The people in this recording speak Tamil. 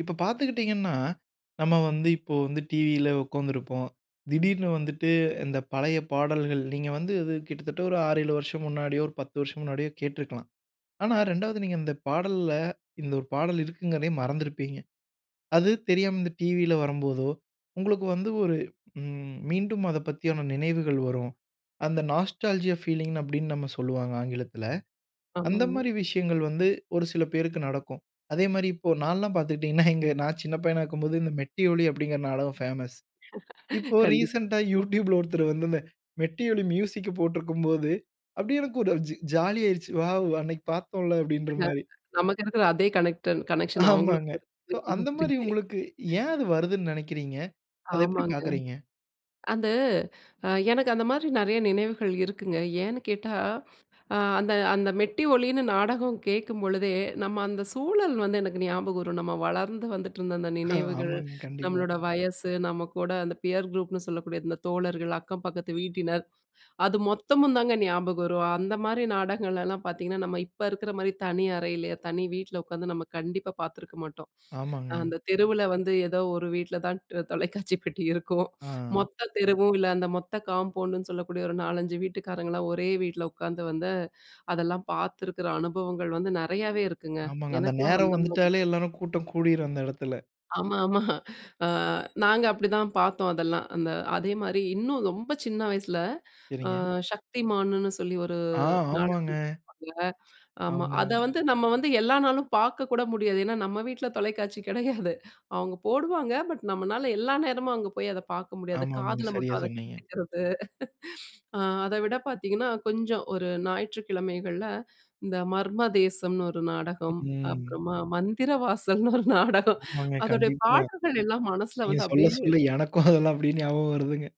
இப்போ பார்த்துக்கிட்டீங்கன்னா, நம்ம வந்து இப்போ வந்து டிவியில உட்கார்ந்துருப்போம். திடீர்னு வந்துட்டு இந்த பழைய பாடல்கள் நீங்க வந்து இது கிட்டத்தட்ட ஒரு 6 7 வருஷம் முன்னாடியோ, ஒரு 10 வருஷம் முன்னாடியோ கேட்டிருக்கலாம். ஆனா, 2வது நீங்க இந்த பாடல்ல, இந்த ஒரு பாடல் இருக்குங்கிறதையே மறந்திருப்பீங்க. அது தெரியாம இந்த டிவியில வரும்போதோ, உங்களுக்கு வந்து ஒரு ம் மீண்டும் அதைப்பத்தியான நினைவுகள் வரும். அந்த நாஸ்டால்ஜியா ஃபீலிங் அப்படின்னு நம்ம சொல்லுவாங்க, ஆங்கிலத்தில. அந்த ஆமாங்க. மாரி விஷயங்கள் வந்து, ஒரு சில பேருக்கு நடக்கும். அதே மாரி இப்போ ஒரு நான்லாம் பார்த்துக்கிட்டீங்கன்னா, எங்க நான் சின்ன பையனா இருக்கும்போது இந்த மெட்டி ஒலி அப்படிங்கிற நாடகம் பேமஸ். இப்போ கண்டிப். ரீசென்டா யூட்யூப்ல ஒருத்தரு வந்து, இந்த மெட்டி ஒலி மியூசிக்க போட்டுருக்கும் போது, அப்படியே எனக்கு ஒரு ஜ ஜாலி ஆயிருச்சு. வாவ்! அன்னைக்கு பார்த்தோம்ல அப்படீன்ற ஹ மாரி. நமக்கு இருக்கிற அதே கனெக்ட்ன் கனெக்ஷன் அவங்களுக்கு ஆமாங்க. சோ, அந்த மாரி [unintelligible] உங்களுக்கு ஏன் அது வருதுன்னு நினைக்கிறீங்க? அதை எப்பிடி ஆமாங்க. பார்க்குறீங்க? அந்த அ எனக்கு அந்த மாரி நிறைய நினைவுகள் இருக்குங்க. ஏன்னு கேட்டா, அ அந்த அந்த மெட்டி ஒலின்னு நாடகம் கேட்கும்பொழுதே, நம்ம அந்த சூழல் வந்து எனக்கு ஞாபகம் வரும். நம்ம வளர்ந்து வந்துட்டுருந்த அந்த நினைவுகள், ஆமாங்க. கண்டிப்பா. நம்மளோட வயசு, நம்ம கூட அந்த பியர் குரூப்னு சொல்லக்கூடிய இந்த தோழர்கள், அக்கம் பக்கத்து வீட்டினர், அது மொத்தமும் தாங்க ஞாபகம் வரும். அந்த மாரி நாடகங்கள்லலாம் பார்த்தீங்கன்னா, நம்ம இப்ப இருக்கிற மாரி தனி அறையில, தனி வீட்டில உட்காந்து நம்ம கண்டிப்பா பார்த்துருக்க மாட்டோம். ஆமாங்க. அந்த தெருவில வந்து ஏதோ ஒரு வீட்டில தான் தொலைக்காட்சி பெட்டி இருக்கும். ஆ. மொத்த தெருவும், இல்ல அந்த மொத்த காம்பவுண்டுன்னு சொல்லக்கூடிய, ஒரு 4,5 வீட்டுக்காரங்கலாம் ஒரே வீட்டில உட்காந்து வந்து, அதெல்லாம் பார்த்துருக்கிற அனுபவங்கள் வந்து நிறையாவே இருக்குங்க. ஆமாங்க. அந்த எனக்கெல்லாம் நேரம் அந்த வந்துட்டாலே மாரிதான். எல்லாரும் கூட்டம் கூடிரும், அந்த இடத்துல. ஆமா, ஆமா. ஆ நாங்க அப்படிதான் பார்த்தோம், அதெல்லாம். அந்த அதே மாரி இன்னும் ரொம்ப சின்ன வயசில ஆ சரிங்க. சக்திமான்ன்னு சொல்லி ஒரு ஆ, ஆமாங்க. நாடகம். [unintelligible] ஆமா. அதை ஆமாங் வந்து நம்ம வந்து எல்லா நாளும் பார்க்கக்கூட முடியாது. ஏன்னா, நம்ம வீட்டுல தொலைக்காட்சி கிடையாது. அவங்க போடுவாங்க. பட் பட் நம்மளால எல்லா நேரமும் அங்கே போய், அதை பார்க்க முடியாது. ஆமாமாங்க, காதில சரியா மட்டும் அதை சொன்னீங்க. கேட்டுக்கிறது ஆ அதை விட பார்த்தீங்கன்னா, கொஞ்சம் ஒரு ஞாயிற்றுக்கிழமைகள்ல, இந்த மர்மதேசம்னு ஒரு நாடகம், ம். அப்புறமா, மந்திர வாசல்ன்னு ஒரு நாடகம். ஆமாங்க, அதோடைய கண்டிப்பா. பாடல்கள்லெல்லாம் மனசுல நீங்க வந்து சொல்ல, அப்டியே, சொல்ல எனக்கும் அதெல்லாம் அப்பிடியே ஞாபகம் வருதுங்க.